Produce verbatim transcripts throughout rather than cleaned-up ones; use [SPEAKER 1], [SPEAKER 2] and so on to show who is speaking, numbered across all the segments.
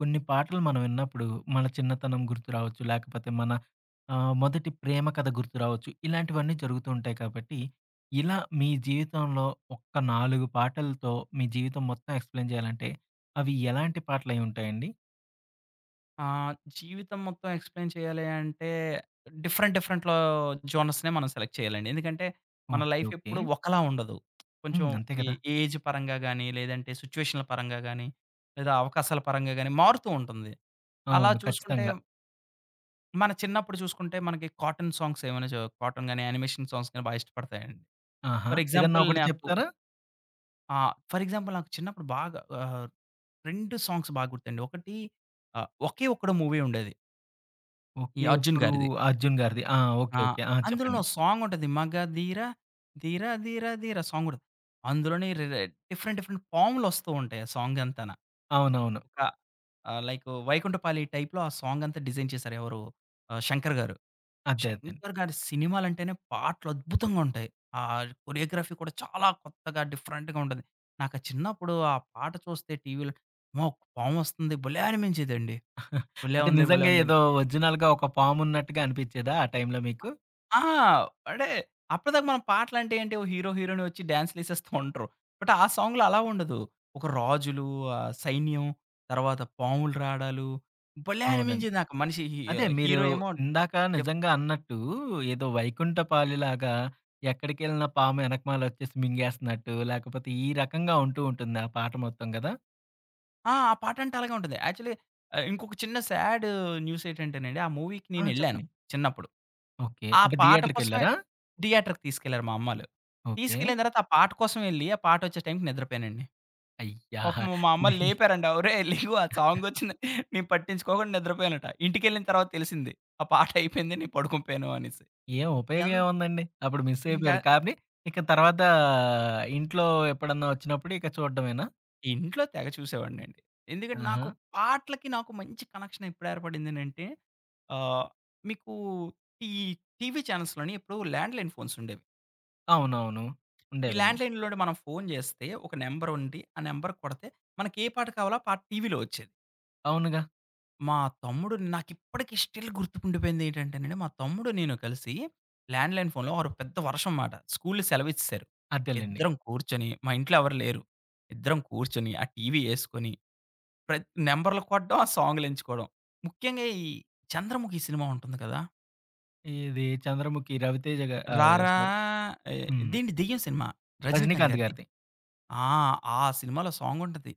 [SPEAKER 1] కొన్ని పాటలు మనం విన్నప్పుడు మన చిన్నతనం గుర్తు రావచ్చు, లేకపోతే మన ఆహ్, మొదటి ప్రేమ కథ గుర్తు రావచ్చు. ఇలాంటివన్నీ జరుగుతూ ఉంటాయి కాబట్టి, ఇలా మీ జీవితంలో ఒక్క నాలుగు పాటలతో మీ జీవితం మొత్తం ఎక్స్‌ప్లేన్ జేయాలంటే అవి ఎలాంటి పాటలైయుంటాయండి?
[SPEAKER 2] ఆహ్, జీవితం మొత్తం ఎక్స్‌ప్లేన్ చేయాలి అంటే, డిఫరెంట్ డిఫరెంట్‌లో జోనర్స్‌నే మనం సెలెక్ట్ చేయాలండి. ఎందుకంటే
[SPEAKER 1] ఓకే.
[SPEAKER 2] మన లైఫ్
[SPEAKER 1] ఓకే.
[SPEAKER 2] ఎప్పుడు ఒకలా ఉండదు. కొంచెం
[SPEAKER 1] హ్మ్. అంతే
[SPEAKER 2] ఏ
[SPEAKER 1] గదా!
[SPEAKER 2] ఏజ్ పరంగా గాని, లేదంటే సిచ్యుయేషన్‌ల పరంగా గాని, లేదా అవకాశాల పరంగా గాని, మారుతూ ఉంటుంది. అలా
[SPEAKER 1] అవును.
[SPEAKER 2] చూసుకుంటే
[SPEAKER 1] ఖచ్చితంగా.
[SPEAKER 2] మన చిన్నప్పుడు చూసుకుంటే మనకి కాటన్ సాంగ్స్ ఏమైనా చ కాటన్ గాని యానిమేషన్ సాంగ్స్ గాని బాగా ఇష్టపడతాయండి.
[SPEAKER 1] ఆహా!
[SPEAKER 2] ఫర్
[SPEAKER 1] ఏదన్నా
[SPEAKER 2] ఎగ్జాంపుల్
[SPEAKER 1] ఒకటి
[SPEAKER 2] నాకు
[SPEAKER 1] చెప్తారా?
[SPEAKER 2] ఆ! ఫర్ ఎగ్జాంపుల్ నాకు చిన్నప్పుడు బాగా ఆహ్, రెండు సాంగ్స్ బాగా గుర్తుండి. ఒకటి ఆ 'ఒకే ఒక్కడు' మూవీ ఉండేది. ఈ
[SPEAKER 1] 'ఒకే
[SPEAKER 2] 'అర్జున్'
[SPEAKER 1] ఒక్కడు'
[SPEAKER 2] గారిది.
[SPEAKER 1] 'అర్జున్' గారిది ఆ! ఓకే.
[SPEAKER 2] ఆ!
[SPEAKER 1] ఓకే. ఆ!
[SPEAKER 2] అందులోను
[SPEAKER 1] చెప్పండి.
[SPEAKER 2] ఓ సాంగుంటది మగధీర ధీర ధీర ధీర సాంగుంటది. అందులోనే రే డిఫరెంట్ డిఫరెంట్ పాములొస్తూ ఉంటాయి ఆ సాంగ్ అంతాన.
[SPEAKER 1] అవునవును.
[SPEAKER 2] ఆహ్, లైకు వైకుంఠపాళీ టైప్‌లో ఆ సాంగంతా డిజైన్ చేశారు. ఎవరు ఆ 'శంకర్' గారు.
[SPEAKER 1] అదే. అదే.
[SPEAKER 2] 'శంకర్' గారి సినిమాలంటేనే పాటలద్భుతంగా ఉంటాయి. ఆ కొరియోగ్రఫీ కూడా చాలా కొత్తగా డిఫరెంట్‌గా ఉంటది. నాకా చిన్నప్పుడు ఆ పాట చూస్తే టీవీలో అమ్మో! పామొస్తంది భలే అనిపించేదండి. భలే
[SPEAKER 1] అంటే
[SPEAKER 2] ఉందే! భలే
[SPEAKER 1] నిజంగా
[SPEAKER 2] ఉందని.
[SPEAKER 1] ఏదో ఒ‌ర్జి‌నల్‌గా ఒక పామున్నట్టుగా అనిపిచ్చేదా ఆ టైంలో మీకు?
[SPEAKER 2] ఆ! అంటే అప్పటిదాకా మనం పాటలంటే ఏంటి ఓ హీరో హీరోయిన్ ఒచ్చి డాన్స్‌లేసేస్తా ఉంటరు. బట్ ఆ సాంగ్‌లో అలా ఉండదు. ఒక రాజులు, ఆ సైన్యం తరువాత పాములు రాడాలు భలే
[SPEAKER 1] అవునండి.
[SPEAKER 2] అనిపించేది నాకు మనిషి హీ
[SPEAKER 1] అదే మీరు
[SPEAKER 2] హీరో ఏమో
[SPEAKER 1] ఇందాక
[SPEAKER 2] డి
[SPEAKER 1] నిజంగా అన్నట్టు ఏదో వైకుంఠపాళీలాగా, ఎక్కడికెళ్ళిన పాము ఎనకమాల ఒచ్చేసి మింగేస్తన్నట్టు, లేకపోతే ఈ రకంగా ఉంటూ ఉంటుందా! ఆ పాట మొత్తం గదా!
[SPEAKER 2] ఆ! ఆ పాటంటే అలాగే ఉంటది. యాక్చువల్లీ అయ్ ఇంకొక చిన్న సాడు న్యూసేంటంటేనండి, ఆ మూవీకి
[SPEAKER 1] ఆ!
[SPEAKER 2] నేనెళ్ళాను
[SPEAKER 1] చెప్పండి.
[SPEAKER 2] చిన్నప్పుడు.
[SPEAKER 1] ఓకే.
[SPEAKER 2] ఆ
[SPEAKER 1] అంటే,
[SPEAKER 2] పాట కోసమే
[SPEAKER 1] థియేటర్‌కెళ్లారా?
[SPEAKER 2] థియేటర్‌కి తీసుకెళ్లారు మా అమ్మళ్ళు. తీసుకెళ్ళిన
[SPEAKER 1] ఓకే.
[SPEAKER 2] తర్వాత ఆ పాట కోసం ఎళ్లి, ఆ పాటొచ్చే టైంకి నిద్రపోయానండి.
[SPEAKER 1] అయ్యా!
[SPEAKER 2] పాపం మా అమ్మళ్ళు లేపారంట, "ఒరేయ్! లెగు ఆ సాంగొచ్చింది" నేను పట్టించుకోకుండా నిద్రపోయానంట. ఇంటికెళ్ళిన తర్వాత తెలిసింది. ఆ పాటైపోయింది నేను పడుకునిపోయాను అనేసి.
[SPEAKER 1] ఏం
[SPEAKER 2] ఎం
[SPEAKER 1] ఉపయోగం ఏముందండి? అప్పుడు
[SPEAKER 2] ఇంకా
[SPEAKER 1] మిసైపోయారు కానీ, ఇక తర్వాత ఇంట్లో ఎప్పుడన్నా వచ్చినప్పుడు ఇక చూడ్డమేనా?
[SPEAKER 2] ఇంట్లో తెగ చూసేవాడినండి. ఎందుకంటే,
[SPEAKER 1] ఆహా!
[SPEAKER 2] నాకు పాట్లకి నాకు మంచి కనెక్షనెప్పుడేర్పడిందనంటే ఆహ్, మీకు ఈ టీవీ చానెల్స్‌లోని ఇప్పుడు ల్యాండ్‌లైన్ ఫోన్సుండేవి.
[SPEAKER 1] అవునవును.
[SPEAKER 2] ఈ
[SPEAKER 1] ఉండేవండి.
[SPEAKER 2] ల్యాండ్‌లైన్‌లో నుండి మనం ఫోను చేస్తే ఒక నంబరుండి, ఆ నంబర్‌కి కొడతే, మనకే పాట కావాలో ఆ పాట టీవీలో వచ్చేది.
[SPEAKER 1] అవునుగా!
[SPEAKER 2] మా తమ్ముడు నాకు ఇప్పటికి స్టిల్ గుర్తుండిపోయిందేంటంటే మా తమ్ముడు, నేను కలిసి ల్యాండ్‌లైన్ ఫోనులో ఆ రోజు పెద్ద వర్షం అన్నమాట, స్కూళ్ళు సెలవిచ్చేశారు.
[SPEAKER 1] అదేలెండి.
[SPEAKER 2] ఇద్దరం కూర్చొని మా ఇంట్లో ఎవరు లేరు ఇద్దరం కూర్చొని ఆ టీవీ ఏసుకొని, ప్రత్ నంబర్లు కొట్టడం ఆ సాంగులెంచుకోడం ముఖ్యంగా ఈ 'చంద్రముఖి' సినిమా ఉంటుంది కదా!
[SPEAKER 1] ఇది 'చంద్రముఖి' 'రవితేజ' గా ఆహ్, స
[SPEAKER 2] రారా ఆహ్,
[SPEAKER 1] హ్మ్.
[SPEAKER 2] ఇదెండి దెయ్యం సినిమా 'రజినీకాంత్'
[SPEAKER 1] 'రజినీకాంత్'
[SPEAKER 2] గారిది.
[SPEAKER 1] గారిది.
[SPEAKER 2] ఆ! ఆ సినిమాలో సాంగుంటది.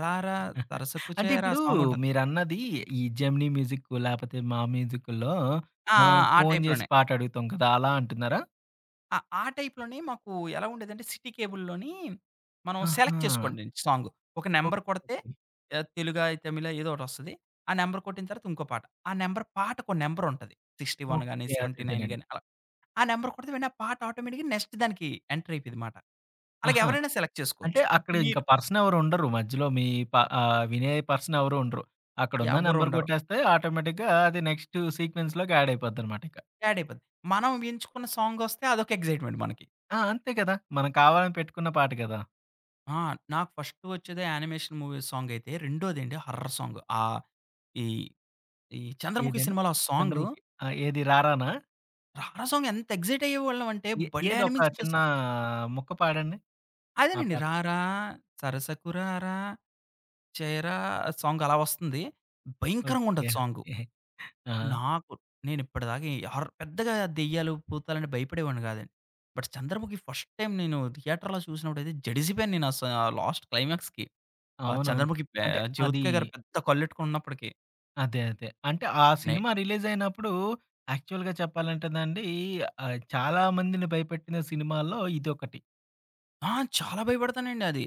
[SPEAKER 2] 'రారా సరసకు
[SPEAKER 1] అంటే,
[SPEAKER 2] చేరా'
[SPEAKER 1] ఇప్పుడు
[SPEAKER 2] సాంగుంటది.
[SPEAKER 1] మీరన్నది, ఈ జెమినీ మ్యూజిక్కు లేకపోతే మా మ్యూజిక్కుల్లో
[SPEAKER 2] ఆ!
[SPEAKER 1] మనం
[SPEAKER 2] ఆ! ఆ
[SPEAKER 1] ఫోన్ జేసి
[SPEAKER 2] టైప్‌లోనే.
[SPEAKER 1] పాటడుగుతాం కదా! అలా అంటున్నారా?
[SPEAKER 2] ఆహ్, ఆ టైప్‌లోనే. మాకు ఎలాగుండేదంటే, సిటీ కేబుల్లోని మనం సెలెక్ట్
[SPEAKER 1] ఆహా!
[SPEAKER 2] చేసుకోండండి, సాంగు ఒక నంబర్ కొడితే ఆహ్, తెలుగా? తమిళా? ఏదోకటొస్తది. ఆ నంబర్ కొట్టిన తరువాత ఇంకో పాట, ఆ నంబర్ పాటకో నంబరుంటది. సిక్స్టీ వన్ గాని,
[SPEAKER 1] ఓకె. అదే,
[SPEAKER 2] సెవెంటీ నైన్
[SPEAKER 1] అదేనండి
[SPEAKER 2] గాని అలా. ఆ నంబర్ కొడితే ఆ పాట ఆటోమేటిక్‌గా, నెక్స్ట్ దానికి ఎంటర్ అయిపోయిందిమాట. అలాగ
[SPEAKER 1] ఆహా!
[SPEAKER 2] ఎవరైనా సెలెక్ట్
[SPEAKER 1] అంటే,
[SPEAKER 2] చేసుకోవచ్చు.
[SPEAKER 1] అక్కడ
[SPEAKER 2] ఇప్పుడు
[SPEAKER 1] ఇంక
[SPEAKER 2] మీరు
[SPEAKER 1] పర్సన్ ఎవరు ఉండరు మధ్యలో మీ ప ఆహ్, వినే పర్సన్ ఎవరు ఉండరు, అక్కడున్న
[SPEAKER 2] ఎవ్వరు
[SPEAKER 1] నంబర్
[SPEAKER 2] ఉండరు.
[SPEAKER 1] కొట్టేస్తే ఆటోమేటిక్‌గా అది నెక్స్ట్ సీక్వెన్స్‌లోకి యాడ్ అయిపోద్దనమాట ఇక.
[SPEAKER 2] యాడ్ అయిపోద్ది. మనం ఎంచుకున్న సాంగొస్తే, అదొక ఎక్సైట్మెంట్ మనకి.
[SPEAKER 1] ఆ! అంతే కద! మనం కావాలని పెట్టుకున్న పాట కదా!
[SPEAKER 2] ఆ! నాకు ఫస్ట్ వచ్చేదే యానిమేషన్ మూవీ సాంగైతే, రెండోదేంటి హారర్ సాంగు. ఆహ్, ఈ ఈ 'చంద్రముఖి'
[SPEAKER 1] ఏదండి?
[SPEAKER 2] సినిమాలో ఆ సాంగు.
[SPEAKER 1] 'చంద్రముఖి' ఆ! ఏది రారానా?
[SPEAKER 2] రారా సాంగ్ ఎంత ఎక్సైటయ్యేవాళ్ళం అంటే,
[SPEAKER 1] ఏ
[SPEAKER 2] భలే
[SPEAKER 1] ఏదోక
[SPEAKER 2] అనిపించేదా
[SPEAKER 1] చిన్నా
[SPEAKER 2] సాం
[SPEAKER 1] ముక్క పాడండి. ఆ
[SPEAKER 2] అదేనండి,
[SPEAKER 1] పాట.
[SPEAKER 2] రారా సరసకు రారా, చేరా సాంగ్ అలా వస్తుంది.
[SPEAKER 1] ఓకె,
[SPEAKER 2] భయంకరంగుంటది సాంగు.
[SPEAKER 1] ఓకె. ఆ!
[SPEAKER 2] నాకు, నేనిప్పటిదాక ఈ హార్రర్ పెద్దగా దెయ్యాలు, భూతాలంటే భయపడేవాడిని గాదండి. బట్ 'చంద్రముఖి' ఫస్ట్ టైమ్ నేను థియేటర్‌లో చూసినప్పుడైతే జడిసిపోయాను నేనస లాస్ట్ క్లైమాక్స్‌కి. ఆ
[SPEAKER 1] అవునవును.
[SPEAKER 2] 'చంద్రముఖి' పె
[SPEAKER 1] అంటే, అదీ
[SPEAKER 2] 'జ్యోతిక' గారు పెద్ద కళ్ళెట్టుకొనున్నప్పడికి.
[SPEAKER 1] అదే అదే అంటే ఆ
[SPEAKER 2] నే
[SPEAKER 1] సినిమా రిలీజయినప్పుడు యాక్చువల్‌గా చెప్పాలంటే నండి ఆహ్ చాలా మందిని భయపెట్టిన సినిమాలలో ఇదొకటి.
[SPEAKER 2] ఆ! చాలా భయపడతానండి అది.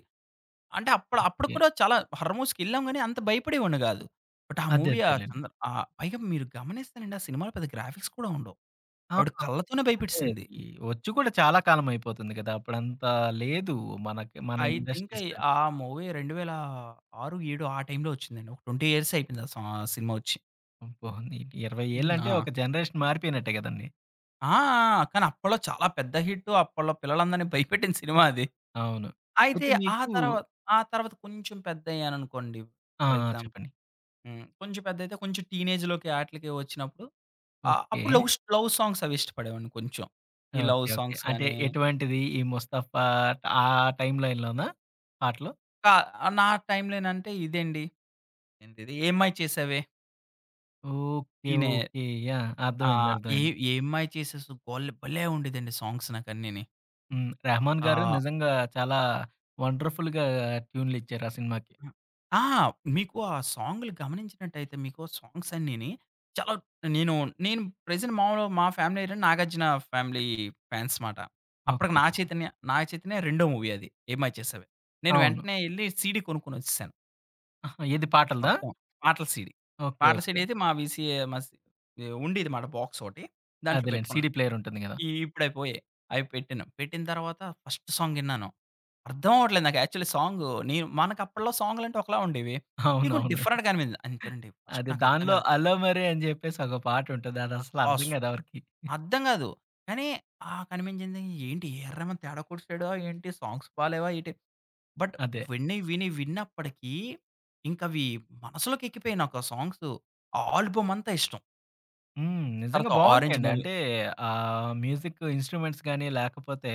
[SPEAKER 2] అంటే అప్పుడు అప్పుడు
[SPEAKER 1] [unintelligible]
[SPEAKER 2] కూడా చాలా హారర్స్‌కి"ఎళ్ళాం గాని అంత భయపడేవొడిని గాదు. బట్ ఆ
[SPEAKER 1] అదే
[SPEAKER 2] మూవీ ఆ
[SPEAKER 1] అదేలేండి.
[SPEAKER 2] సంద ఆహ్, పైగా మీరు గమనిస్తేనండి ఆ సినిమాలో పెద్ద గ్రాఫిక్స్ కూడా ఉండవు.
[SPEAKER 1] ఆ!
[SPEAKER 2] ఆవిడ కళ్ళతోనే
[SPEAKER 1] అదే.
[SPEAKER 2] భయపెట్టేసింది.
[SPEAKER 1] ఈ ఒచ్చి కూడా చాలా కాలమైయిపోతుంది గదా! అప్పుడంత లేదు మనకి. మన
[SPEAKER 2] ఐ థింక్ ఐ
[SPEAKER 1] ఇండస్ట్రీస్
[SPEAKER 2] ఆహ్, మూవీ రెండు వేల ఆరు ఏడూ ఆ టైంలో ఒచ్చిందండి. ఒక ట్వెంటీ ఇయర్స్ అయిపోయింది ఆ సా సినిమా ఒచ్చి.
[SPEAKER 1] అబ్బో ని ఇరవై
[SPEAKER 2] హ్మ్.
[SPEAKER 1] ఏళ్ళంటే
[SPEAKER 2] ఆ!
[SPEAKER 1] ఒక జనరేషన్ మారిపోయినట్టే గదండీ.
[SPEAKER 2] ఆ! ఆ! కానీ అప్పట్లో చాలా పెద్ద హిట్టు అప్పట్లో పిల్లలందరిని భయపెట్టిన సినిమా అది.
[SPEAKER 1] అవును.
[SPEAKER 2] అయితే
[SPEAKER 1] అయితే
[SPEAKER 2] ఆ
[SPEAKER 1] మీకు
[SPEAKER 2] తరువాత, ఆ తరువాత కొంచెం పెద్దయ్యాను అనుకోండి
[SPEAKER 1] ఆ!
[SPEAKER 2] ఫర్
[SPEAKER 1] ఆ!
[SPEAKER 2] ఎగ్జాంపుల్
[SPEAKER 1] చెప్పండి.
[SPEAKER 2] హ్మ్. కొంచెం పెద్దైతే కొంచెం టీనేజ్‌లోకి ఆటిలకి ఒచ్చినప్పుడు ఆ
[SPEAKER 1] ఓకే.
[SPEAKER 2] అప్పుడు లవ్స్ లవ్ సాంగ్స్ అవి ఇష్టపడేవాడిని కొంచెం. ఈ లవ్
[SPEAKER 1] ఓకే ఓకే.
[SPEAKER 2] సాంగ్స్
[SPEAKER 1] అంటే
[SPEAKER 2] గాని
[SPEAKER 1] ఎటువంటిది ఈ 'ముస్తఫా' ఆ టైం లైన్ లోనా? పాటలు.
[SPEAKER 2] టా ఆహ్, నా టైంలో ఎనంటే ఇదండి, ఏంటిది? 'ఏం మాయ చేసావే.'
[SPEAKER 1] ఓకె,
[SPEAKER 2] ఈనే
[SPEAKER 1] ఓకె. యాహ్! యాహ్! అర్థమైంది,
[SPEAKER 2] ఆహ్, ఏ
[SPEAKER 1] అర్థమైంది.
[SPEAKER 2] ఏ 'ఏమ్మాయ చేసేసావు' బొల్లో భలే ఉండేదండి సాంగ్స్ నాకన్నిని.
[SPEAKER 1] హ్మ్, 'రెహమాన్' గారు
[SPEAKER 2] ఆహ్!
[SPEAKER 1] నిజంగా చాలా వండర్ఫుల్‌గా ట్యూన్లిచ్చారు ఆ సినిమాకి.
[SPEAKER 2] ఆ! మీకు ఆ సాంగులు గమనించినట్టయితే మీకు సాంగ్సన్నీని, చాల నేను నేను ప్రెజెంట్ మామూలుగా మా ఫ్యామిలీ ఏంటంటే, 'నాగార్జున' ఫ్యామిలీ ఫాన్స్ మాట. అప్పటికి
[SPEAKER 1] ఓకె.
[SPEAKER 2] 'నాగ చైతన్య-' 'నాగ చైతన్య' రెండో మూవీ అది ఏం మాయ చేసావే. నేను
[SPEAKER 1] అవును.
[SPEAKER 2] వెంటనే ఎళ్లి, సీడీ కొనుక్కొనొచ్చేసా.
[SPEAKER 1] అహా! ఏది పాటలదా?
[SPEAKER 2] మొత్తం. పాటల సీడీ.
[SPEAKER 1] ఓకె.
[SPEAKER 2] పాటల సీడీ
[SPEAKER 1] ఓకె.
[SPEAKER 2] అయితే మా వీసీ ఏమసి ఏహ్, ఉండేదిమాట బాక్స్ ఓటి దాంట్లో
[SPEAKER 1] అదేలెండి సీడీ సీడీ
[SPEAKER 2] పెట్టుకున్నాను.
[SPEAKER 1] ప్లేయరుంటుంది గదా.
[SPEAKER 2] ఈ ఇప్పుడు అయి పోయాయి. అవి పెట్టాను. పెట్టిన తరువాత ఫస్ట్ ఫస్ట్ సాంగిన్నాను. అర్థం అవ్వట్లేదు నాకు యాక్చువల్లి సాంగు మనకప్పట్లో సాంగులంటే ఒకలా ఉండేవి. ఇవి కొంచం
[SPEAKER 1] అవునవును.
[SPEAKER 2] డిఫరెంట్‌గా అనిపింది. అంతెనండి, ఫస్ట్
[SPEAKER 1] అదె.
[SPEAKER 2] నాకర్థం
[SPEAKER 1] దానిలో
[SPEAKER 2] గాలేదు.
[SPEAKER 1] 'అలోమరె' అని జెప్పేసి ఒక పాటటుంది. అది అసలు
[SPEAKER 2] ఓస్
[SPEAKER 1] అర్థం గాదు ఎవరికి.
[SPEAKER 2] అర్థం గాదు. కానీ ఆ కనిపించింది ఏంటి? 'ఏఆర్ రెహమాన్' తేడా కొట్టేసాడు ఆహ్, ఏంటి సాంగ్స్ బాలేవా ఏటి? బట్
[SPEAKER 1] అదే.
[SPEAKER 2] విన్ని, విని, విన్నప్పడికీ ఇంకవి మనసులోకెక్కిపేయి నాకు ఆ సాంగ్సు. ఆల్బమంతా ఇష్టం.
[SPEAKER 1] హ్మ్. నిజంగా
[SPEAKER 2] తరవాత 'ఆరెంజ్'
[SPEAKER 1] బావుంటాయండి.
[SPEAKER 2] మూవీ.
[SPEAKER 1] అంటే ఆ మ్యూజిక్ ఇన్‌స్ట్రుమెంట్స్ గాని లేకపోతే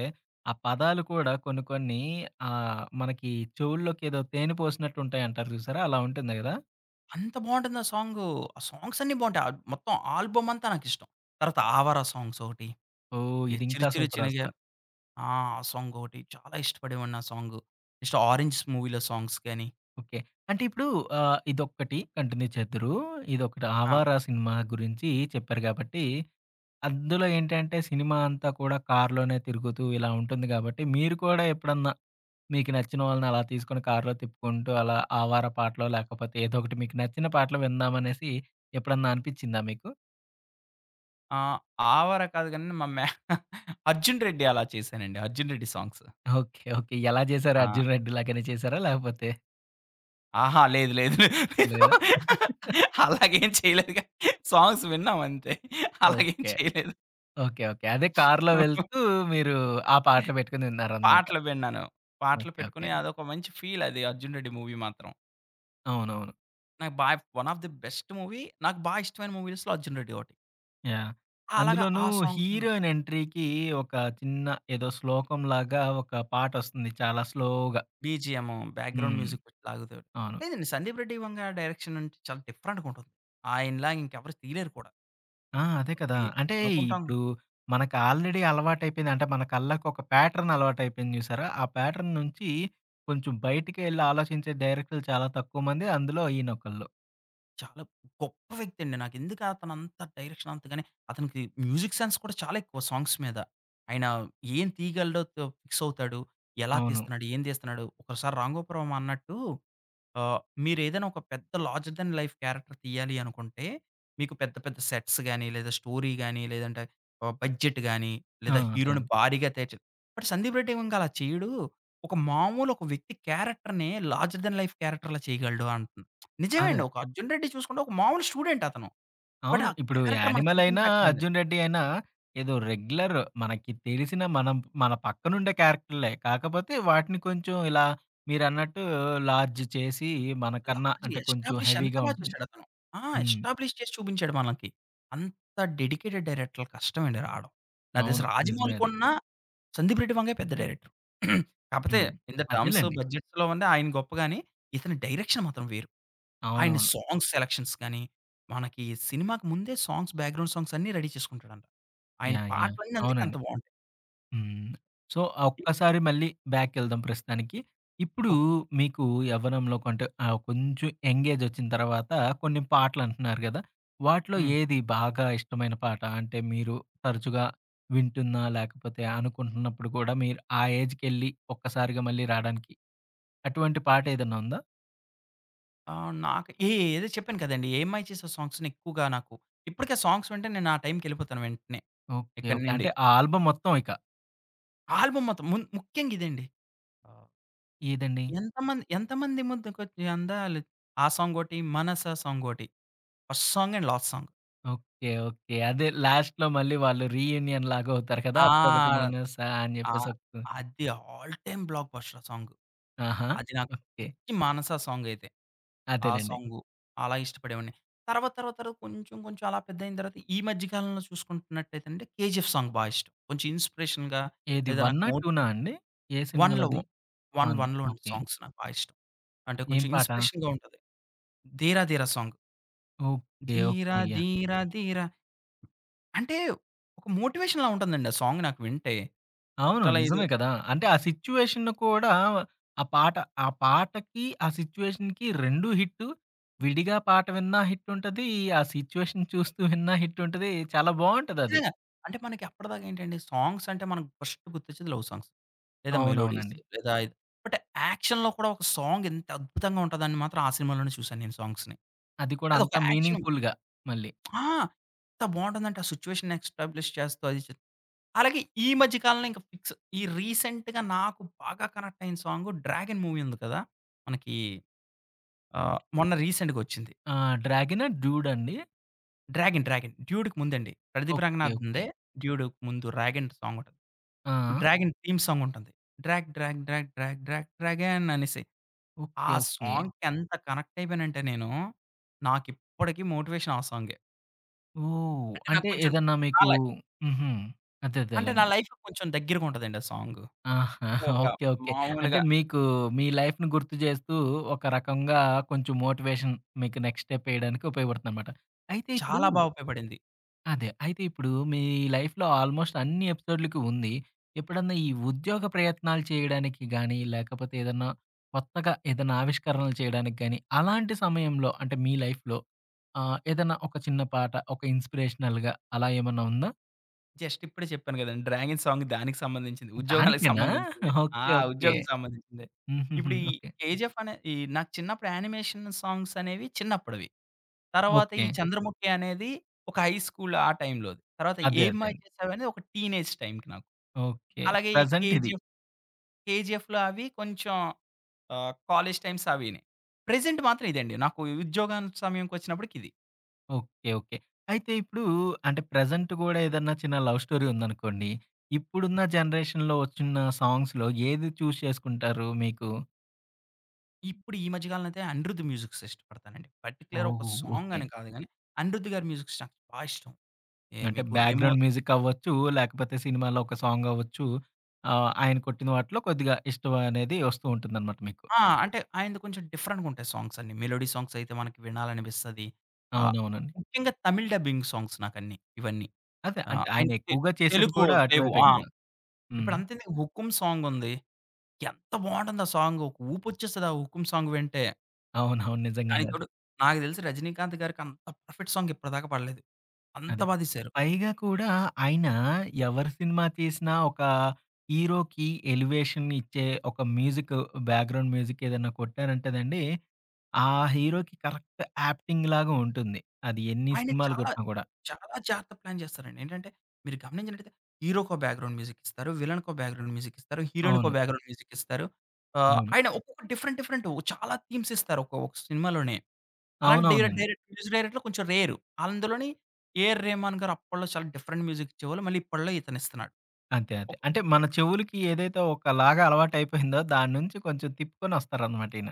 [SPEAKER 1] ఆ పదాలు కూడా కొన్ని కొన్ని ఆహ్, మనకి చెవుల్లోకి ఏదో తేనె పోసినట్టుంటాయంటారు చూసారా! అలా ఉంటుంది గదా!
[SPEAKER 2] అంత బావుంటుందా సాంగు. ఆ సాంగ్స్ అన్నీ బావుంటాయి. ఆహ్ మొత్తం ఆల్బమ్ అంతా నాకిష్టం. తరువాత 'ఆవారా' సాంగ్స్ ఒకటి
[SPEAKER 1] ఓహ్!
[SPEAKER 2] 'చిరు
[SPEAKER 1] ఇదింకా
[SPEAKER 2] చిరు
[SPEAKER 1] సూపర్
[SPEAKER 2] చినగ'
[SPEAKER 1] అసల.
[SPEAKER 2] ఆ! ఆ సాంగొటి చాలా ఇష్టపడేవాడిని ఆ సాంగు. నెక్స్ట్ 'ఆరెంజ్' మూవీ‌లో సాంగ్స్ గాని
[SPEAKER 1] ఓకే. అంటే ఇప్పుడు ఆహ్, ఇదొక్కటి కంటిన్యూ చేద్దురు. ఇదొకటి
[SPEAKER 2] ఆ!
[SPEAKER 1] 'ఆవార' సినిమా గురించి చెప్పారు కాబట్టి, అందులో ఏంటంటే సినిమా అంతా కూడా కార్లోనే తిరుగుతూ ఇలా ఉంటుంది గాబట్టి, మీరు కూడా ఎప్పుడన్నా మీకు నచ్చిన వాళ్ళని అలా తీసుకొని కార్లో తిప్పుకుంటూ అలా 'ఆవారా' పాటలో, లేకపోతే ఏదో ఒకటి మీకు నచ్చిన పాటలు విందాం అనేసి ఎప్పుడన్నా అనిపిచ్చిందా మీకు?
[SPEAKER 2] ఆ! ఆవారా కాదు కానీ మా మ్యా అర్జున్ రెడ్డి అలా చేసానండి. Arjun Reddy songs.
[SPEAKER 1] Okay. Okay. ఎలా జేసారు?
[SPEAKER 2] ఆ!
[SPEAKER 1] 'అర్జున్ రెడ్డి' లాగానే చేసారా లేకపోతే
[SPEAKER 2] ఆహా! లేదు, లేదు.
[SPEAKER 1] లేదా?
[SPEAKER 2] అలాగేం చేయలేదుగా సాంగ్స్ విన్నాం అంతే. అలాగేం
[SPEAKER 1] ఓకే.
[SPEAKER 2] చేయలేదు.
[SPEAKER 1] ఓకే. ఓకే. అదే కార్లో వెళ్తూ మీరు ఆ పాటలు పెట్టుకొని ఇన్నారన్నమాట.
[SPEAKER 2] పాటలు విన్నాను. పాటలు
[SPEAKER 1] ఓకే, ఓకే.
[SPEAKER 2] పెట్టుకొని అదొక మంచి ఫీల్ అది 'అర్జున్ రెడ్డి' మూవీ మాత్రం.
[SPEAKER 1] అవునవును.
[SPEAKER 2] నాకు బా one of the best movie నాకు బాగా ఇష్టమైన మూవీస్‌లో 'అర్జున్ రెడ్డి' ఒకటి.
[SPEAKER 1] యాహ్!
[SPEAKER 2] ఆ! అలాగా
[SPEAKER 1] అందులోనూ
[SPEAKER 2] ఆ సాంగ్స్ అనొ
[SPEAKER 1] హీరోయిన్ ఎంట్రీకి ఒక చిన్న ఏదో శ్లోకం లాగా ఒక పాటొస్తుంది చాలా స్లో‌గా.
[SPEAKER 2] బీజీఎము బ్యాక్‌గ్రౌండ్
[SPEAKER 1] హ్మ్.
[SPEAKER 2] మ్యూజిక్ పెట్టి లాగుతాడు.
[SPEAKER 1] అవును.
[SPEAKER 2] లేదండి 'సందీప్ రెడ్డి వంగా' డైరెక్షనంటే చాలా డిఫరెంట్‌గుంటుంది. ఆయనలాగా ఇంకెవరు తీయలేరు కూడా.
[SPEAKER 1] ఆ! అదే కదా!
[SPEAKER 2] ఈ
[SPEAKER 1] అంటే
[SPEAKER 2] అనుకుంటాం
[SPEAKER 1] ఇప్పుడు మనకి ఆల్‌రెడి అలవాటయిపోయిన అంటే మన కళ్ళకు ఒక ప్యాటర్న్ అలవాటయిపోయింది జూసారా, ఆ ప్యాటర్న్ నుంచి కొంచెం బయటికెళ్లి ఆలోచించే డైరెక్టర్లు చాలా తక్కువ మంది అందులో ఈయనొకళ్ళు.
[SPEAKER 2] చాలా గొప్ప వ్యక్తండి నాకెందుకతను అంత డైరెక్షన్ అంతగానే అతనికి మ్యూజిక్ సెన్స్ కూడా చాలా ఎక్కువ సాంగ్స్ మీద. ఆయన ఏం తీయగలడో తొ ఫిక్సవుతాడు, ఎలా
[SPEAKER 1] అవును.
[SPEAKER 2] తీస్తున్నాడు, ఏం తీస్తున్నాడు, ఒకోసారి 'రాంగోపాల్ వర్మ' అన్నట్టు ఆ మీరేదైనా ఒక పెద్ద లార్జర్ థాన్ లైఫ్ క్యారెక్టర్ తీయాలి అనుకుంటే, మీకు పెద్ద, పెద్ద సెట్స్ గాని, లేదా స్టోరీ గాని, లేదంటే ఆ బడ్జెట్ గాని,
[SPEAKER 1] ఆ!
[SPEAKER 2] లేదా
[SPEAKER 1] అదే
[SPEAKER 2] హీరో‌ని
[SPEAKER 1] అండి.
[SPEAKER 2] భారీగా తెర్చు మరి 'సందీప్ రెడ్డి వంగ' అలా చేయ్యడు. ఒక మామూలు ఒక వ్యక్తి క్యారెక్టర్‌ని లార్జర్ థాన్ లైఫ్ క్యారెక్టర్‌లా చేయగలడు అంటున్ నిజమే అండి
[SPEAKER 1] అదే.
[SPEAKER 2] ఒక 'అర్జున్ రెడ్డి' చూసుకుంటే, ఒక మామూలు స్టూడెంటతను. బట్,
[SPEAKER 1] అవును.
[SPEAKER 2] ఆ
[SPEAKER 1] ఇప్పుడు
[SPEAKER 2] క్యారెక్టర్
[SPEAKER 1] 'యానిమల్'
[SPEAKER 2] మనకెంత
[SPEAKER 1] అయినా
[SPEAKER 2] ఇంపాక్టయింది.
[SPEAKER 1] 'అర్జున్ రెడ్డి' అయినా ఏదో రెగ్యులర్ మనకి తెలిసిన మనం మన పక్కనుండే క్యారెక్టర్‌లే కాకపోతే వాటిని కొంచెం ఇలా మీరన్నట్టు లార్జ్
[SPEAKER 2] యాహ్!
[SPEAKER 1] చేసి, మనకన్నా
[SPEAKER 2] లార్జ్
[SPEAKER 1] అంటే కొంచెం
[SPEAKER 2] ఎస్టాబ్‌లిష్ ఎంత
[SPEAKER 1] హెవీ‌గా
[SPEAKER 2] బాగా
[SPEAKER 1] ఉంటుంది.
[SPEAKER 2] చూసాడతను. ఆ!
[SPEAKER 1] హ్మ్.
[SPEAKER 2] ఎస్టాబ్‌లిష్ చేసి చూపించాడు మనకి. అంత డెడికేటెడ్ డైరెక్టర్‌లు కష్టమండి రాడం. నాకు తెలిసి
[SPEAKER 1] అవును. నిజమే
[SPEAKER 2] 'రాజమౌళి'
[SPEAKER 1] అది.
[SPEAKER 2] కున్న 'సందీప్ రెడ్డి వంగ' పెద్ద డైరెక్టర్. కాకపోతే,
[SPEAKER 1] హ్మ్.
[SPEAKER 2] ఇన్ ద టర్మ్‌స్
[SPEAKER 1] అదేలెండి.
[SPEAKER 2] బడ్జెట్‌లో ఉండే ఆయన గొప్పగాని. ఇతని డైరెక్షన్ మాత్రం వేరు. ఆయన
[SPEAKER 1] అవునవును.
[SPEAKER 2] సాంగ్స్ సెలక్షన్స్ గానీ, మనకి సినిమాకి ముందే సాంగ్స్ బ్యాక్‌గ్రౌండ్ సాంగ్సన్ని రడీ చేసుకుంటాడంట. ఆయన
[SPEAKER 1] యాహ్! యాహ్!
[SPEAKER 2] పాటలన్నీ అందుకే
[SPEAKER 1] అవునండి.
[SPEAKER 2] అంత బావుంటాయి.
[SPEAKER 1] హ్మ్. సో, ఆ
[SPEAKER 2] [unintelligible]
[SPEAKER 1] ఒక్కసారి మళ్ళీ బ్యాకెళ్దాం ప్రస్తుతానికి. ఇప్పుడు
[SPEAKER 2] ఓకే.
[SPEAKER 1] మీకు యవ్వనంలో కంటే, ఆహ్, కొంచెం యంగేజొచ్చిన తర్వాత, కొన్ని పాటలు అంటున్నారు గదా! వాటిలో
[SPEAKER 2] హ్మ్.
[SPEAKER 1] ఏది బాగా ఇష్టమైన పాట? అంటే, మీరు తరచుగా వింటున్నా, లేకపోతే అనుకుంటున్నప్పుడు కూడా మీరు ఆ ఏజ్‌‌కెళ్లి ఒక్కసారిగా మళ్ళీ రాడానికి. అటువంటి పాట ఏదన్నా ఉందా?
[SPEAKER 2] ఆ! నాకు ఏ ఏదో చెప్పాను కదండీ. 'ఏం మాయ చేసావే' సాంగ్స్‌ని ఎక్కువగా నాకు ఇప్పటికి ఆ సాంగ్స్ వింటే నేను ఆ టైమ్‌కెళ్ళిపోతాను వెంటనే,
[SPEAKER 1] ఓకే.
[SPEAKER 2] ఇక్కడి
[SPEAKER 1] ఓకే.
[SPEAKER 2] నుండి.
[SPEAKER 1] అంటే, ఆ ఆల్బమ్ మొత్తం ఇక
[SPEAKER 2] ఆల్బమ్ మొత్తం మున్ ముఖ్యంగా ఇదండి. ఆహ్,
[SPEAKER 1] ఏదండి?
[SPEAKER 2] ఎంతమంది, ఎంతమంది ముద్దకొచ్చి అందాలు ఆ సాంగొటి, మనసా సాంగొటి. First song and last song.
[SPEAKER 1] Okay. Okay. అదే లాస్ట్‌లో మళ్ళీ వాళ్ళు రీయూనియన్ లాగవుతారు కదా!
[SPEAKER 2] ఆ!
[SPEAKER 1] అప్పుడొకటి మనసా అని చెప్పేసి
[SPEAKER 2] ఆహ్,
[SPEAKER 1] ఒక
[SPEAKER 2] అది ఆల్ టైమ్ బ్లాక్ బస్టర్ ఆ సాంగు.
[SPEAKER 1] ఆహా!
[SPEAKER 2] అది నాకు
[SPEAKER 1] ఓకే.
[SPEAKER 2] పిచ్చి మానసా సాంగ్ అయితే. ఆ
[SPEAKER 1] అదేలెండి.
[SPEAKER 2] సాంగు అలా ఇష్టపడేవాడ్ని. తర్వాత తర్వాత తర్వాత కొంచెం కొంచెం అలా పెద్దయిన తరువాత ఈ మధ్య కాలంలో చూసుకుంటున్నట్టయితే అంటే 'కేజీఎఫ్' సాంగ్ బా ఇష్టం. కొంచెం ఇన్స్‌పిరేషన్‌గా
[SPEAKER 1] ఏది
[SPEAKER 2] లేదా నాకు
[SPEAKER 1] వన్నా,
[SPEAKER 2] మో
[SPEAKER 1] టు నా అండి? ఏ సినిమా
[SPEAKER 2] 'వన్‌లో'
[SPEAKER 1] లోది?
[SPEAKER 2] 'వన్'
[SPEAKER 1] 'వన్'
[SPEAKER 2] 'వన్‌లో' అండి
[SPEAKER 1] ఓకే.
[SPEAKER 2] సాంగ్స్ నాకు బాగా ఇష్టం. అంటే,
[SPEAKER 1] ఏం
[SPEAKER 2] కొంచెం
[SPEAKER 1] పాట?
[SPEAKER 2] ఇన్స్‌పిరేషన్‌గా ఉంటది. 'Dheera Dheera' song.
[SPEAKER 1] Okay, okay.
[SPEAKER 2] Dheera
[SPEAKER 1] yeah!
[SPEAKER 2] Dheera Dheera అంటే ఒక మోటివేషన్‌లా ఉంటుందండి ఆ సాంగ్ నాకు వింటే.
[SPEAKER 1] అవును.
[SPEAKER 2] చాలా ఏదో
[SPEAKER 1] నిజమే గదా! అంటే ఆ సిచ్యుయేషను కూడా ఆ పాట, ఆ పాటకి ఆ సిచ్యుయేషన్‌కి రెండు హిట్టు. విడిగా పాట విన్నా హిట్టుంటది. ఆ సిచ్యుయేషన్ చూస్తూ విన్నా హిట్టుంటది. చాలా బావుంటదది.
[SPEAKER 2] ఖచ్చితంగా. అంటే మనకి అప్పటిదాకా ఏంటండి సాంగ్స్ అంటే మనకి ఫస్ట్ గుర్తొచ్చేది లవ్ సాంగ్స్. లేదా మెలోడీస్,
[SPEAKER 1] అవునవునండి.
[SPEAKER 2] లేదా బట్ యాక్షన్‌లో కూడా ఒక సాంగ్ ఇంత అద్భుతంగా ఉంటదని మాత్రం ఆ సినిమాలోనే చూశాను నేను సాంగ్స్‌ని.
[SPEAKER 1] అది కూడా అంత
[SPEAKER 2] అదొక
[SPEAKER 1] మీనింగ్
[SPEAKER 2] యాక్షను.
[SPEAKER 1] ఫుల్‌గా మళ్ళీ.
[SPEAKER 2] ఆ! ఎంత బావుంటందంటే ఆ సిచ్యుయేషన్ ఎస్టాబ్‌లిష్ చేస్తా అది అలాగే ఈ మధ్య కాలంలో ఇంకా ఫిక్స్ ఈ రీసెంట్‌గా నాకు బాగా కనెక్టయిన సాంగ్ 'డ్రాగన్' మూవీ ఉంది కదా! మనకి
[SPEAKER 1] హ్మ్.
[SPEAKER 2] ఆహ్, మొన్న రీసెంట్‌గొచ్చింది.
[SPEAKER 1] ఆ! 'డ్రాగను,' 'డ్యూడ్' అండి?
[SPEAKER 2] 'డ్రాగన్' 'డ్రాగన్' 'డ్యూడ్‌కి' ముందండి. Pradeep
[SPEAKER 1] okay okay.
[SPEAKER 2] రంగనాథన్‌దే 'డ్యూడ్‌'క' ముందు 'డ్రాగన్' సాంగుంటది.
[SPEAKER 1] ఆ!
[SPEAKER 2] 'డ్రాగన్' థీమ్ సాంగుంటుంది. 'Drag drag drag drag drag dragon' అనేసి. ఆ
[SPEAKER 1] ఓకే ఓకే.
[SPEAKER 2] సాంగ్‌కి ఎంత కనెక్టయిపోయానంటే నేను, నాకిప్పటికి మోటివేషన్ ఆ సాంగే.
[SPEAKER 1] ఓహ్!
[SPEAKER 2] అంటే నాకు
[SPEAKER 1] అంటే
[SPEAKER 2] కొంచెం
[SPEAKER 1] ఏదన్నా మీకు
[SPEAKER 2] రాలే.
[SPEAKER 1] హుహు. అదే.
[SPEAKER 2] అంటే నా
[SPEAKER 1] అదేలేండి.
[SPEAKER 2] లైఫ్‌లో కొంచెం దెగ్గరగుంటదండి ఆ సాంగు.
[SPEAKER 1] ఆహా!
[SPEAKER 2] అంటే ఒక
[SPEAKER 1] ఓకే. ఓకే. అంటే
[SPEAKER 2] మాములుగా
[SPEAKER 1] మీకు మీ లైఫ్‌ని గుర్తు జేస్తూ ఒక రకంగా కొంచెం మోటివేషన్ మీకు నెక్స్ట్ స్టెప్ ఏయడానికి ఉపయోగపడుతుందనమాట. అయితే ఇప్పుడు
[SPEAKER 2] చాలా బాగా ఉపయోగపడింది.
[SPEAKER 1] అదే అయితే ఇప్పుడు మీ లైఫ్‌లో ఆల్‌మోస్ట్ అన్ని ఎపిసోడులకి ఉంది. ఎప్పుడన్నా ఈ ఉద్యోగ ప్రయత్నాలు చేయడానికి గాని, లేకపోతే ఏదన్నా కొత్తగా ఏదన్నా ఆవిష్కరణలు చేయడానికి గాని, అలాంటి సమయంలో అంటే మీ లైఫ్‌లో ఆహ్, ఏదన్నా ఒక చిన్న పాట ఒక ఇన్స్‌పిరేషనల్‌గా అలా ఏమన్నా ఉందా?
[SPEAKER 2] జస్ట్ ఇప్పుడే జెప్పాను గదండి! 'డ్రాగన్' సాంగ్ దానికి సంబంధించింది. ఉద్యోగాలకి
[SPEAKER 1] దానికేనా?
[SPEAKER 2] సంబంధించిందే. ఆ!
[SPEAKER 1] Okay okay.
[SPEAKER 2] ఉద్యోగానికి సంబంధించిందే.
[SPEAKER 1] హుహుహు.
[SPEAKER 2] ఇప్పుడు ఈ
[SPEAKER 1] ఓకే.
[SPEAKER 2] 'కెజీఎఫ్' అనే ఈ నాకు చిన్నప్పుడు యానిమేషన్ సాంగ్స్ అనేవి చిన్నప్పడవి, తరువాత ఈ
[SPEAKER 1] ఓకే.
[SPEAKER 2] చంద్రముఖి అనేది ఒక హై స్కూల్ ఆ టైంలోది. తరువాత
[SPEAKER 1] అదే
[SPEAKER 2] 'ఏం మాయ
[SPEAKER 1] అదేండి.
[SPEAKER 2] చేసావే' అనేది ఒక టీనేజ్ టైంకి నాకు.
[SPEAKER 1] ఓకే.
[SPEAKER 2] అలాగే ఈ
[SPEAKER 1] ప్రెజెంట్ ఇది.
[SPEAKER 2] 'కేజీఎఫ్', 'కేజీఎఫ్‌లో' అవి కొంచెం ఆహ్, కాలేజి టైమ్స్ అవీని. ప్రెజెంట్ మాత్రం ఇదండి. నాకు ఉద్యోగం సమయంకొచ్చినప్పటికి ఇది.
[SPEAKER 1] ఓకే. ఓకే. అయితే, ఇప్పుడు అంటే ప్రెజెంట్ గూడా ఏదన్నా చిన్న లవ్ స్టోరీ ఉందనుకోండి, ఇప్పుడున్న జనరేషన్‌లో వచ్చున్నా సాంగ్స్‌లో ఏది చూజ్ చేసుకుంటారు మీకు?
[SPEAKER 2] ఇప్పుడు ఈ మధ్య కాలంలో అయితే అనిరుద్ మ్యూజిక్స్ ఇష్టపడతానండి. పర్టిక్యులర్ ఒక
[SPEAKER 1] ఓహో!
[SPEAKER 2] Song
[SPEAKER 1] okay.
[SPEAKER 2] అని కాదు గానీ అనిరుద్ గారి మ్యూజిక్స్ నాకు బా ఇష్టం. యే
[SPEAKER 1] అంటే,
[SPEAKER 2] మీకు రెమో
[SPEAKER 1] బ్యాక్‌గ్రౌండ్ మ్యూజిక్ అవ్వచ్చు లేకపోతే, సినిమాలో ఒక సాంగ్ అవ్వచ్చు, ఆ! ఆయన కొట్టిన వాటిలో కొద్దిగా ఇష్టమనేది వస్తూ ఉంటుందనమాట మీకు.
[SPEAKER 2] ఆ! అంటే, ఆయనది కొంచెం డిఫరెంటుగుంటయి సాంగ్స్ అన్నీ. మెలోడీ సాంగ్స్ అయితే మనకి వినాలనిపిస్తది. ఆ!
[SPEAKER 1] అవునవునండి.
[SPEAKER 2] ముఖ్యంగా తమిళ్ డబ్బింగ్ సాంగ్స్ నాకన్నీ ఇవన్నీ.
[SPEAKER 1] అదే
[SPEAKER 2] ఆహ్,
[SPEAKER 1] అంటే, ఆయన
[SPEAKER 2] ఆయనకి
[SPEAKER 1] ఎక్కువగా చేసేది
[SPEAKER 2] తెలుగు
[SPEAKER 1] కూడా
[SPEAKER 2] లేవు.
[SPEAKER 1] అటువైపే
[SPEAKER 2] ఆ!
[SPEAKER 1] కదా! హ్మ్.
[SPEAKER 2] ఇప్పుడంతేందుకు 'హుకుమ్' సాంగుంది, ఎంత బావుంటుంది ఆ సాంగు ఒక ఊపొచ్చేస్తది ఆ 'హుకుమ్' సాంగ్ వింటే.
[SPEAKER 1] అవునవును. నిజంగానే
[SPEAKER 2] దానికి
[SPEAKER 1] అది.
[SPEAKER 2] తోడు, నాకు తెలిసి 'రజినీకాంత్' గారికి అంత పర్ఫెక్ట్ సాంగ్ ఇప్పటిదాకా పాడలేదు అంత
[SPEAKER 1] అదే
[SPEAKER 2] బా తీశారు.
[SPEAKER 1] పైగా కూడా ఆయన ఎవరు సినిమా తీసినా ఒక హీరోకి ఎలివేషన్ ఇచ్చే ఒక మ్యూజిక్ బ్యాక్‌గ్రౌండ్ మ్యూజిక్ ఏదైనా కొట్టారంటేనండి ఆ హీరోకి కరెక్ట్ యాప్టింగ్ లాగా ఉంటుంది అది ఎన్ని
[SPEAKER 2] ఆయన
[SPEAKER 1] సినిమాలు
[SPEAKER 2] చాలా
[SPEAKER 1] గొట్టినా గూడా.
[SPEAKER 2] చాలా జాగ్రత్తగా ప్లాన్ చేస్తారండి. ఏంటంటే, మీరు గమనించినట్టయితే హీరోకో బ్యాక్‌గ్రౌండ్ మ్యూజిక్ ఇస్తారు. విలన్‌కో బ్యాక్‌గ్రౌండ్ మ్యూజిక్ ఇస్తారు. హీరోయిన్‌‌కో
[SPEAKER 1] అవును.
[SPEAKER 2] బ్యాక్‌గ్రౌండ్ మ్యూజిక్ ఇస్తారు. ఆహ్,
[SPEAKER 1] అవును.
[SPEAKER 2] ఆయన ఒక్కొక్క డిఫరెంట్ డిఫరెంటు చాలా థీమ్స్ ఇస్తారు ఒక్కో ఒక సినిమాలోనే. అలాంటి డై
[SPEAKER 1] అవునవునండి.
[SPEAKER 2] డైరెక్ట్ మ్యూజిక్ డైరెక్టర్లు కొంచెం రేరు. అందులోని 'ఏఆర్ రెహమాన్' గారు అప్పట్లో చాలా డిఫరెంట్ మ్యూజిక్ ఇచ్చేవాళ్ళు మళ్ళీ ఇప్పట్లో ఇతనిస్తున్నాడు.
[SPEAKER 1] అంతే. అదే.
[SPEAKER 2] ఒక్
[SPEAKER 1] అంటే, మన చెవులుకి ఏదైతే ఒకలాగా అలవాటయిపోయిందో దాని నుంచి కొంచెం తిప్పుకోనొస్తారనమాట ఈయన.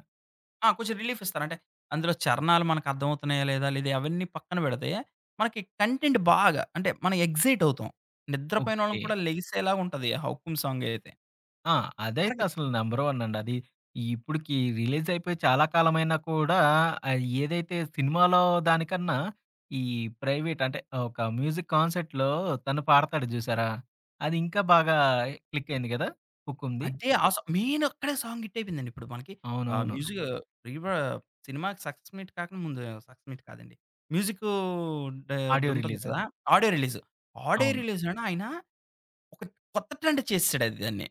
[SPEAKER 2] ఆ! కొంచెం రిలీఫిస్తారు. అంటే, అందులో చరణాలు మనకర్థమవుతున్నాయా లేదా? లేదా అవన్నీ పక్కన బెడితే మనకి కంటెంట్ బాగా. అంటే మనం ఎక్సైట్ అవుతాం. నిద్రపోయిన వాళ్ళని
[SPEAKER 1] ఓకే.
[SPEAKER 2] కూడా లెగిసేలా ఉంటది. ఆ 'హుకుమ్' సాంగ్ అయితే.
[SPEAKER 1] ఆ! అదైతే
[SPEAKER 2] మనకి
[SPEAKER 1] అసలు నంబర్ వన్ అండి. అది ఇప్పుడికీ రిలీజ్ అయిపోయి చాలా కాలం అయినా కూడా, ఆ ఏదైతే సినిమాలో దానికన్నా ఈ ప్రైవేట్ అంటే! ఒక మ్యూజిక్ కాన్సెర్ట్‌లో తను పాడతాడు జూసారా, అది ఇంకా బాగా క్లిక్ అయింది కదా! 'హుకుం'ది.
[SPEAKER 2] అదే ఆ సా మెయినక్కడే సాంగ్ హిట్టయిపోయిందండి. ఇప్పుడు మనకి ఆ
[SPEAKER 1] అవునవును. అ!
[SPEAKER 2] మ్యూజిక్ రీ‌ వా సినిమాకి సక్సెస్ మీట్ కాకుండా ముందు సక్సెస్ మీట్ కాదండి. మ్యూజిక్కూ డా
[SPEAKER 1] ఆడియో
[SPEAKER 2] అదుంటుండి
[SPEAKER 1] రిలీజు.
[SPEAKER 2] గదా! Audio release. ఆడియో
[SPEAKER 1] అవును.
[SPEAKER 2] రిలీజ్‌‌లోనే ఆయన ఒక కొత్త ట్రెండ్ చేసేసాడు అది దాన్ని.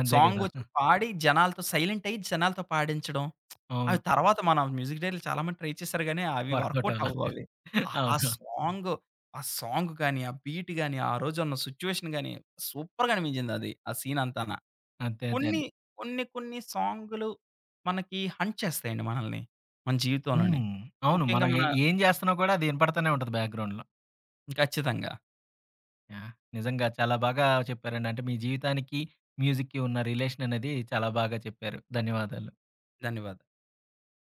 [SPEAKER 1] అంతే కదా!
[SPEAKER 2] సాంగొచ్చి పాడి జనాలతో సైలెంటయ్యి జనాలతో పాడించడం ఆ
[SPEAKER 1] అవును.
[SPEAKER 2] తరువాత మన మ్యూజిక్ డైరెక్ట్‌ర్లు చాలా మంది ట్రై చేసారు కానీ, అవి
[SPEAKER 1] వర్క‌వుట్ అవ్వలా.
[SPEAKER 2] వర్క‌వుటవ్వాలి. ఆహ్, ఆ
[SPEAKER 1] అవును.
[SPEAKER 2] సాంగు ఆ సాంగ్ గాని, ఆ బీట్ గాని, ఆరోజున్న సిచ్యుయేషన్ గాని, సూపర్‌గా అనిపించిందది. ఆ సీనంతానా.
[SPEAKER 1] అంతే. అదే
[SPEAKER 2] కొన్ని
[SPEAKER 1] అండి.
[SPEAKER 2] కొన్ని కొన్ని సాంగులు మనకి హంట్ చేస్తాయండి మనల్ని. మన జీవితంలోని.
[SPEAKER 1] హ్మ్. అవును.
[SPEAKER 2] ముఖ్యంగా
[SPEAKER 1] మనం
[SPEAKER 2] మన
[SPEAKER 1] ఏం, ఏం జేస్తన్నా కూడా అది ఇనపడుతూనే ఉంటది. బ్యాక్‌గ్రౌండ్‌లో
[SPEAKER 2] ఖచ్చితంగా.
[SPEAKER 1] యాహ్! నిజంగా చాలా బాగా చెప్పారండి అంటే. మీ జీవితానికి మ్యూజిక్‌కి ఉన్న రిలేషన్ అనేది చాలా బాగా చెప్పారు ధన్యవాదాలు.
[SPEAKER 2] ధన్యవాదాలు.